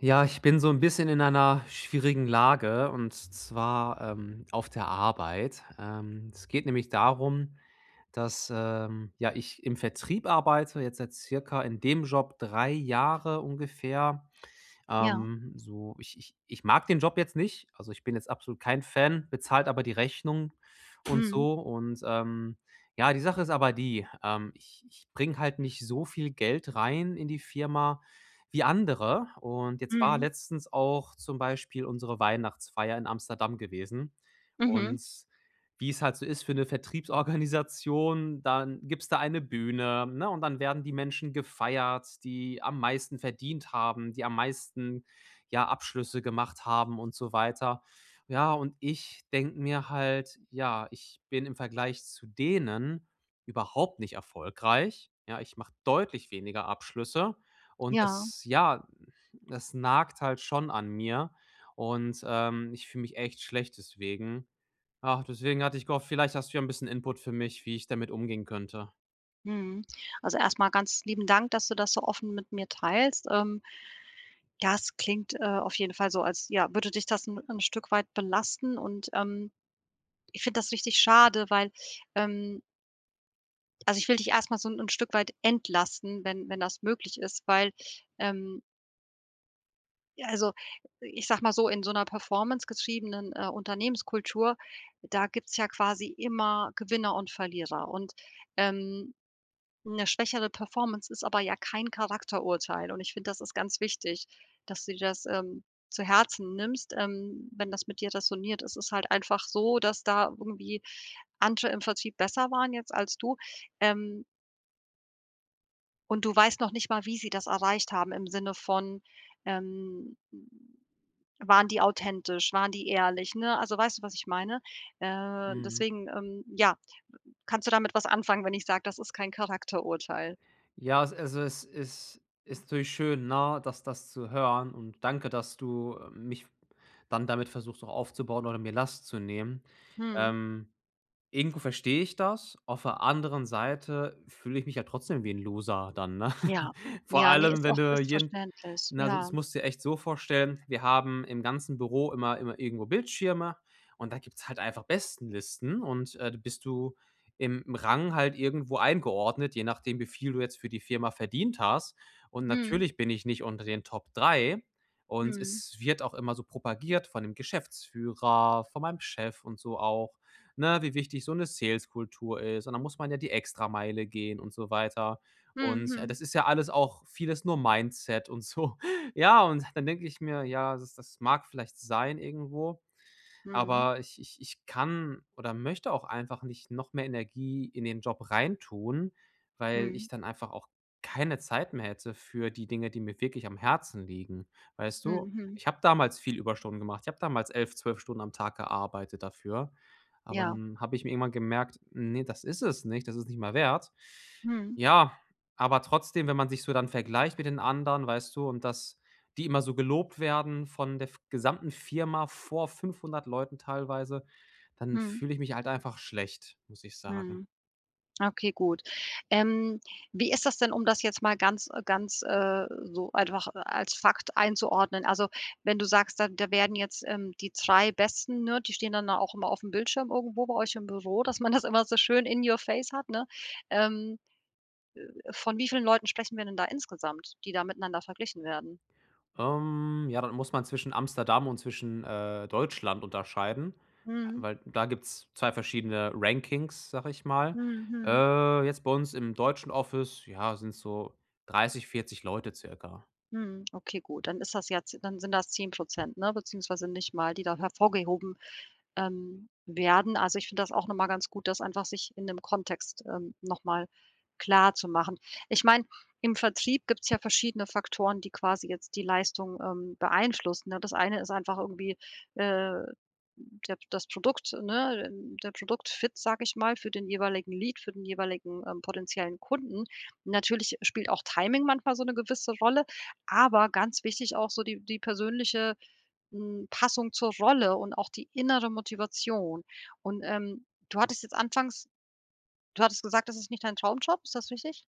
Ja, ich bin so 'n bisschen in einer schwierigen Lage und zwar, ähm, auf der Arbeit. Ähm, es geht nämlich darum, dass, ähm, ja, ich im Vertrieb arbeite, jetzt seit circa in dem Job 3 Jahre ungefähr. Ja. Ähm, so, ich ich ich mag den Job jetzt nicht, also ich bin jetzt absolut kein Fan, bezahlt aber die Rechnungen und Mhm. so und, ähm, ja, die Sache ist aber die, ähm, ich ich bringe halt nicht so viel Geld rein in die Firma wie andere. Und jetzt war Mhm. letztens auch zum Beispiel unsere Weihnachtsfeier in Amsterdam gewesen Mhm. und wie es halt so ist für 'ne Vertriebsorganisation, dann gibt's da eine Bühne, ne, und dann werden die Menschen gefeiert, die am meisten verdient haben, die am meisten ja, Abschlüsse gemacht haben und so weiter. Ja, und ich denke mir halt: „Ja, ich bin im Vergleich zu denen überhaupt nicht erfolgreich“, ja? Ich mache deutlich weniger Abschlüsse und Ja. das, ja, das nagt halt schon an mir und, ähm, ich fühle mich echt schlecht deswegen. Ach, deswegen hatte ich gehofft, vielleicht hast du ja 'n bisschen Input für mich, wie ich damit umgehen könnte. Mhm. Also, erst mal ganz lieben Dank, dass du das so offen mit mir teilst, ähm. Das klingt, äh, auf jeden Fall so, als, ja, würde dich das 'n 'n Stück weit belasten und, ähm, ich finde das richtig schade, weil, ähm also ich will dich erst mal so 'n 'n Stück weit entlasten, wenn wenn das möglich ist, weil, ähm ja, also, ich sage mal so, „in so 'ner Performance getriebenen, äh, Unternehmenskultur, da gibt's ja quasi immer Gewinner und Verlierer“ und, ähm, 'ne schwächere Performance ist aber ja kein Charakterurteil und ich finde, das ist ganz wichtig, dass du dir das, ähm, zu Herzen nimmst, ähm, wenn das mit dir räsoniert. Es ist halt einfach so, dass da irgendwie andere im Vertrieb besser waren jetzt als du, ähm und du weißt noch nicht mal, wie sie das erreicht haben im Sinne von, ähm, hm, waren die authentisch, waren die ehrlich, ne? Also weißt du, was ich meine? Äh, Mhm. deswegen, ähm, ja, w kannst du damit was anfangen, wenn ich sage: „Das ist kein Charakterurteil?“ Ja, a also es is ist natürlich schön, ne, das das zu hören und danke, dass du, äh, mich dann damit versuchst, auch aufzubauen oder mir Last zu nehmen. Mhm. Ähm, irgendwo verstehe ich das, auf der anderen Seite fühle ich mich ja trotzdem wie 'n Loser dann, ne? Ja. Vor Ja, ne, allem, ist auch wenn du ist jeden verständlich, na, so is das ja. musst du dir echt so vorstellen, wir haben im ganzen Büro immer immer irgendwo Bildschirme und da gibt's halt einfach Bestenlisten und, äh, du bist du im Rang halt irgendwo eingeordnet, je nachdem, wie viel du jetzt für die Firma verdient hast. Und Mhm. natürlich bin ich nicht unter den Top 3 und Mhm. es wird auch immer so propagiert von dem Geschäftsführer, von meinem Chef und so auch, ne, wie wichtig so 'ne Sales-Kultur ist. Und dann muss man ja die Extrameile gehen und so weiter. Hm, Und, äh, hm. das ist ja alles auch vieles nur Mindset und so. Ja, und dann denke ich mir: „Ja, das das mag vielleicht sein irgendwo, Mhm. aber ich ich ich kann oder möchte auch einfach nicht noch mehr Energie in den Job reintun, weil ich Mhm. dann einfach auch keine Zeit mehr hätte für die Dinge, die mir wirklich am Herzen liegen.“ Weißt Hm, du, hm. ich habe damals viel Überstunden gemacht. Ich hab damals 11, 12 Stunden am Tag gearbeitet dafür, aber Ja. 'n habe ich mir irgendwann gemerkt: „Ne, das ist es nicht, das ist nicht mehr wert.“ Mhm. Ja, aber trotzdem, wenn man sich so dann vergleicht mit den anderen, weißt du, und dass die immer so gelobt werden von der F gesamten Firma vor 500 Leuten teilweise, dann Mhm. fühle ich mich halt einfach schlecht, muss ich sagen. Mhm. Okay, gut. Ähm, wie ist das denn, um das jetzt mal ganz äh, ganz, äh, so einfach als Fakt einzuordnen? Also wenn du sagst, da da werden jetzt, ähm die 3 Besten, ne, die stehen dann da auch immer auf 'm Bildschirm irgendwo bei euch im Büro, dass man das immer so schön in your face hat, ne? Ähm, äh, von wie vielen Leuten sprechen wir denn da insgesamt, die da miteinander verglichen werden? Ähm, ja, da muss man zwischen Amsterdam und zwischen, äh, Deutschland unterscheiden, Mhm. weil da gibt's 2 verschiedene „Rankings“, sage ich mal. Hm, mhm. Äh, jetzt bei uns im deutschen Office, ja, sind's so 30, 40 Leute circa. Hm, okay, gut, dann ist das ja z dann sind das 10 %, ne, beziehungsweise nicht mal, die da hervorgehoben, ähm, werden. Also, ich finde das auch noch mal ganz gut, das einfach sich in 'nem Kontext, ähm, noch mal klarzumachen. Ich meine, im Vertrieb gibt's ja verschiedene Faktoren, die quasi jetzt die Leistung, ähm, beeinflussen, ne? Das eine ist einfach irgendwie, äh, der das Produkt, ne, der Produkt-Fit, sage ich mal, für den jeweiligen Lead, für den jeweiligen, ähm, potenziellen Kunden. Natürlich spielt auch Timing manchmal so 'ne gewisse Rolle, aber ganz wichtig auch so die die persönliche, hm, Passung zur Rolle und auch die innere Motivation. Und, ähm, du hattest jetzt anfangs du hattest gesagt, das ist nicht dein Traumjob, ist das richtig?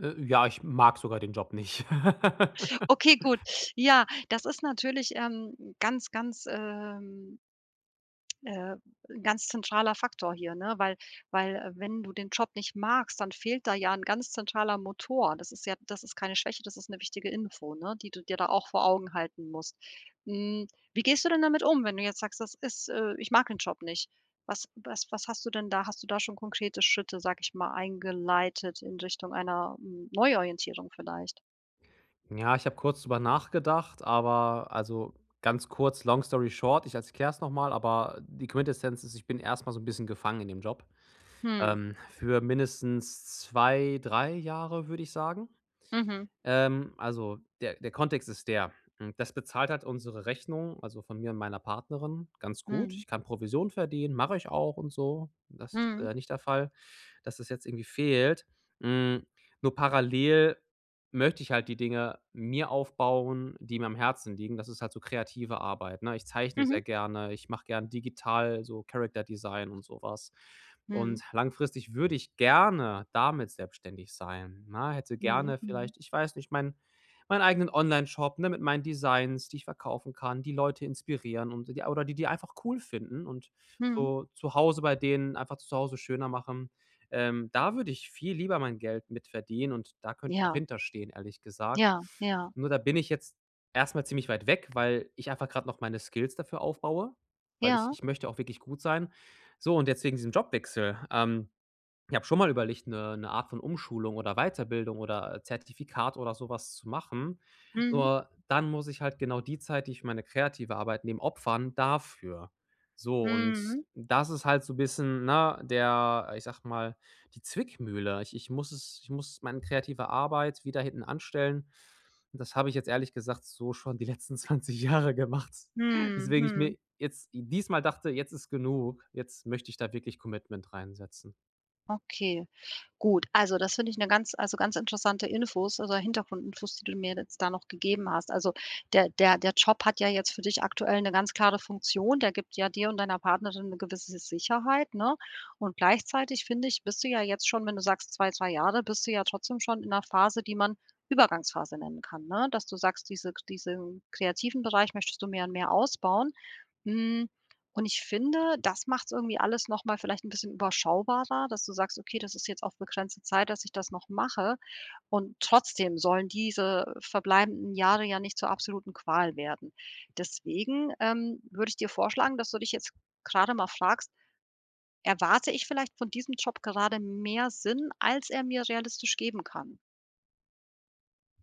Äh, ja, ich mag sogar den Job nicht. Okay, gut. Ja, das ist natürlich, ähm, ganz, ganz, ähm äh, 'n ganz zentraler Faktor hier, ne? Weil weil wenn du den Job nicht magst, dann fehlt da ja 'n ganz zentraler Motor. Das ist ja das ist keine Schwäche, das ist 'ne wichtige Info, ne, die du dir da auch vor Augen halten musst. Hm, wie gehst du denn damit wenn du jetzt sagst: „Das ist äh, ich mag den Job nicht?“ Was was was hast du denn da Hast du da schon konkrete Schritte, sage ich mal, eingeleitet in Richtung einer, hm, Neuorientierung vielleicht? Ja, ich habe kurz drüber nachgedacht, aber also ganz kurz, long Story short, ich erklär's noch mal. Aber die Quintessenz ist: Ich bin erst mal so 'n bisschen gefangen in dem Job. Hm. Ähm, für mindestens 2, 3 Jahre, würde ich sagen. Mhm. Ähm, also der der Kontext ist der. Hm, das bezahlt halt unsere Rechnung, also von mir und meiner Partnerin, ganz gut. Mhm. Ich kann Provision verdienen, mache ich auch und so. Das ist, Mhm. äh, nicht der Fall, dass das jetzt irgendwie fehlt. Hm, nur parallel möchte ich halt die Dinge mir aufbauen, die mir am Herzen liegen. Das ist halt so kreative Arbeit, ne? Ich zeichne Mhm. sehr gerne. Ich mache gern digital so Character-Design und so was. Und Mhm. langfristig würde ich gerne damit selbstständig sein, ne? Hätte Mhm, gerne mhm. vielleicht ich weiß nicht, mein meinen eigenen Onlineshop, ne, mit meinen Designs, die ich verkaufen kann, die Leute inspirieren und oder die die einfach cool finden und Mhm. so zu Hause bei denen einfach das Zuhause schöner machen. Ähm, da würde ich viel lieber mein Geld mit verdienen und da könnt ich auch Ja. hinter stehen, ehrlich gesagt. Ja, ja. Nur da bin ich jetzt erst mal ziemlich weit weg, weil ich einfach grad noch meine Skills dafür aufbaue. Weil ich Ja. ich möchte auch wirklich gut sein. So und jetzt wegen diesem Jobwechsel. Ähm, ich habe schon mal überlegt, 'ne 'ne Art von Umschulung oder Weiterbildung oder Zertifikat oder so was zu machen. Mhm. Nur dann muss ich halt genau die Zeit, die ich für meine kreative Arbeit nehme opfern dafür. So und Mhm. das ist halt so bisschen, ne, der, ich sag mal: „Die Zwickmühle“. Ich ich muss es ich muss mein kreative Arbeit wieder hintanstellen. Und das habe ich jetzt ehrlich gesagt so schon die letzten 20 Jahre gemacht, Mhm, weswegen ich mhm. mir jetzt diesmal dachte: „Jetzt ist genug. Jetzt möchte ich da wirklich Commitment reinsetzen“. Okay, gut. Also das finde ich 'ne ganz also ganz interessante Info also Hintergrundinfos, die du mir jetzt da noch gegeben hast. Also der der der Job hat ja jetzt für dich aktuell 'ne ganz klare Funktion. Der gibt ja dir und deiner Partnerin 'ne gewisse S Sicherheit, ne? Und gleichzeitig finde ich, bist du ja jetzt schon, wenn du sagst: „2, 2 Jahre“, bist du ja trotzdem schon in 'ner Phase, die man Übergangsphase nennen kann, ne? Dass du sagst, diese kr diesen kreativen Bereich möchtest du jetzt mehr und mehr ausbauen. Hm. Und ich finde, das macht's irgendwie alles nochmal vielleicht 'nen bisschen überschaubarer, dass du sagst: „Okay, das ist jetzt auf begrenzte Zeit, dass ich das noch mache,“ und trotzdem sollen diese verbleibenden Jahre ja nicht zur absoluten Qual werden. Deswegen, ähm, würde ich dir vorschlagen, dass du dich jetzt grade mal fragst: „Erwarte ich vielleicht von diesem Job gerade mehr Sinn, als er mir realistisch geben kann?“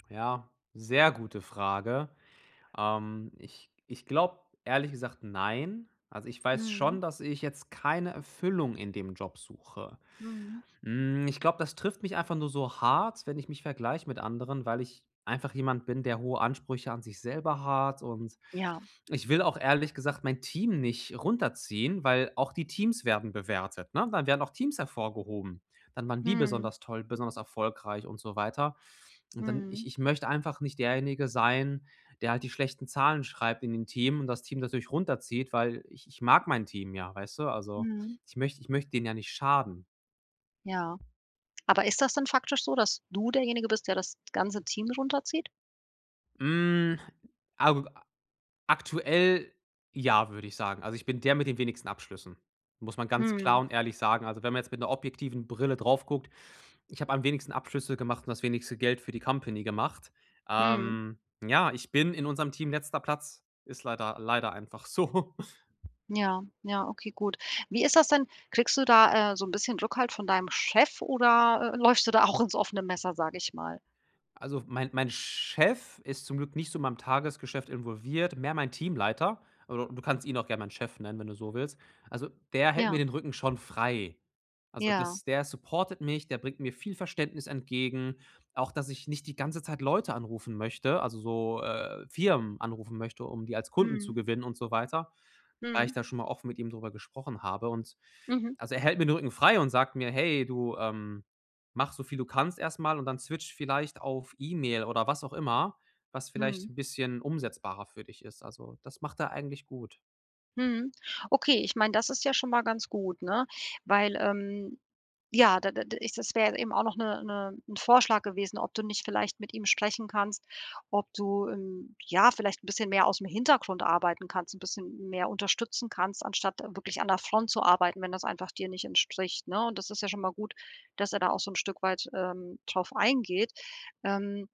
Ja, sehr gute Frage. Ähm, ich ich glaube, ehrlich gesagt nein. Also, ich weiß Mhm. schon, dass ich jetzt keine Erfüllung in dem Job suche. Mhm. Hm, ich glaube, das trifft mich einfach nur so hart, wenn ich mich vergleiche mit anderen, weil ich einfach jemand bin, der hohe Ansprüche an sich selber hat und Ja. ich will auch ehrlich gesagt mein Team nicht runterziehen, weil auch die Teams werden bewertet, ne? Dann werden auch Teams hervorgehoben. Dann waren die Mhm. besonders toll, besonders erfolgreich und so weiter. Und dann ich Mhm. ich möchte einfach nicht derjenige sein, der halt die schlechten Zahlen schreibt in dem Team und das Team natürlich runterzieht, weil ich ich mag mein Team ja, weißt du. Also, Mhm. ich möcht ich möchte denen ja nicht schaden. Ja. Aber ist das dann faktisch so, dass du derjenige bist, der das ganze Team runterzieht? Hm, ag aktuell ja, würde ich sagen. Also, ich bin der mit den wenigsten Abschlüssen, muss man ganz klar Mhm. und ehrlich sagen. Also, wenn man jetzt mit 'ner objektiven Brille drauf guckt, ich habe am wenigsten Abschlüsse gemacht und das wenigste Geld für die Company gemacht. Mhm. Ähm, ja, ich bin in unserem Team letzter Platz, ist leider leider einfach so. Ja, ja, okay, gut. Wie ist das denn? Kriegst du da, äh, so 'n bisschen Rückhalt von deinem Chef oder, äh, läufst du da auch ins offene Messer, sage ich mal? Also, mein mein Chef ist zum Glück nicht so in meinem Tagesgeschäft involviert, mehr mein Teamleiter, aber d du kannst ihn auch gern meinen Chef nennen, wenn du so willst. Also, der hält mir Ja. den Rücken schon frei. Also Ja. das der supportet mich, der bringt mir viel Verständnis entgegen, auch dass ich nicht die ganze Zeit Leute anrufen möchte also so, äh, Firmen anrufen möchte, um die als Kunden zu Mhm. gewinnen und so weiter, weil ich Mhm. da schon mal offen mit ihm drüber gesprochen habe. Und Mhm. also er hält mir 'n Rücken frei und sagt mir: „Hey, du, ähm, mache so viel du kannst erst mal und dann switch vielleicht auf E-Mail oder was auch immer, was vielleicht Mhm. 'n bisschen umsetzbarer für dich ist.“ Also, das macht er eigentlich gut. Mhm. Okay, ich meine, das ist ja schon mal ganz gut, ne, weil, ähm, ja, da da da ist das wäre ja eben auch noch 'ne 'ne 'n Vorschlag gewesen, ob du nicht vielleicht mit ihm sprechen kannst, ob du im ja, vielleicht 'n bisschen mehr ausm Hintergrund arbeiten kannst, 'n bisschen mehr unterstützen kannst, anstatt wirklich an der Front zu arbeiten, wenn das einfach dir nicht entspricht, ne? Und das ist ja schon mal gut, dass er da auch so 'n Stück weit, ähm, drauf eingeht. Ähm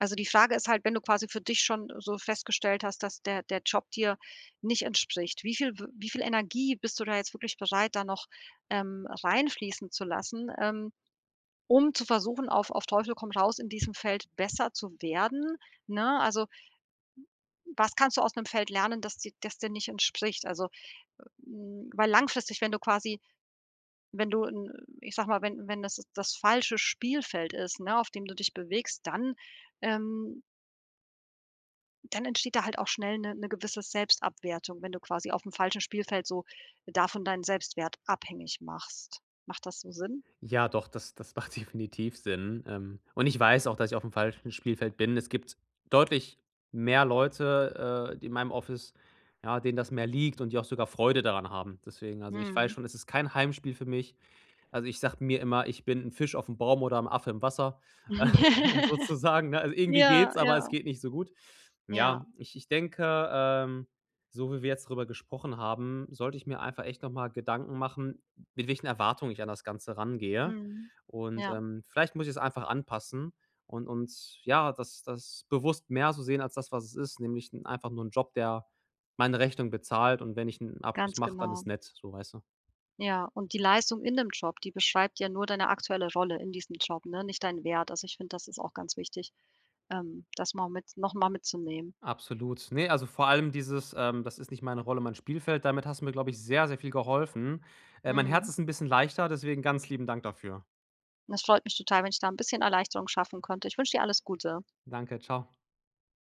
Also die Frage ist halt, wenn du quasi für dich schon so festgestellt hast, dass der der Job dir nicht entspricht, wie viel w wie viel Energie bist du da jetzt wirklich bereit, da noch, ähm, reinfließen zu lassen, ähm, um zu versuchen auf auf Teufel komm raus in diesem Feld besser zu werden, ne? Also, was kannst du aus 'nem Feld lernen, das dir das dir nicht entspricht? Also, hm weil langfristig, wenn du quasi wenn du 'n ich sage mal, wenn wenn das das falsche Spielfeld ist, ne, auf dem du dich bewegst, dann ähm dann entsteht da halt auch schnell 'ne 'ne gewisse Selbstabwertung, wenn du quasi aufm falschen Spielfeld so davon deinen Selbstwert abhängig machst. Macht das so Sinn? Ja, doch, das das macht definitiv Sinn. Ähm, und ich weiß auch, dass ich aufm falschen Spielfeld bin. Es gibt deutlich mehr Leute, äh, d in meinem Office, ja, denen das mehr liegt und die auch sogar Freude daran haben. Deswegen, also ich weiß Mhm. schon, es ist kein Heimspiel für mich. Also, ich sage mir immer: „Ich bin 'n Fisch aufm Baum oder 'n Affe im Wasser“, äh, sozusagen, ne? Also irgendwie Ja, geht's, aber es ja. geht nicht so gut. Ja. Ja, ich ich denke, ähm, so wie wir jetzt drüber gesprochen haben, sollte ich mir einfach echt noch mal Gedanken machen, mit welchen Erwartungen ich an das Ganze rangehe. Mhm, Und, ja. ähm, vielleicht muss ich es einfach anpassen und uns ja, das das bewusst mehr so sehen als das, was es ist, nämlich 'n einfach nur 'n Job, der meine Rechnungen bezahlt und wenn ich 'n Abschluss Ganz mache, dann genau. ist nett, so, weißt du. Ja, und die Leistung in dem Job, die beschreibt ja nur deine aktuelle Rolle in diesem Job, ne, nicht deinen Wert. Also ich finde, das ist auch ganz wichtig, ähm, das mal mit noch mal mitzunehmen. Absolut. Ne, also vor allem dieses, ähm, das ist nicht meine Rolle, mein Spielfeld. Damit hast du mir, glaube ich, sehr, sehr viel geholfen. Äh, mein Herz Mhm. ist 'n bisschen leichter, deswegen ganz lieben Dank dafür. Das freut mich total, wenn ich da 'n bisschen Erleichterung schaffen konnte. Ich wünsche dir alles Gute. Danke, tschau.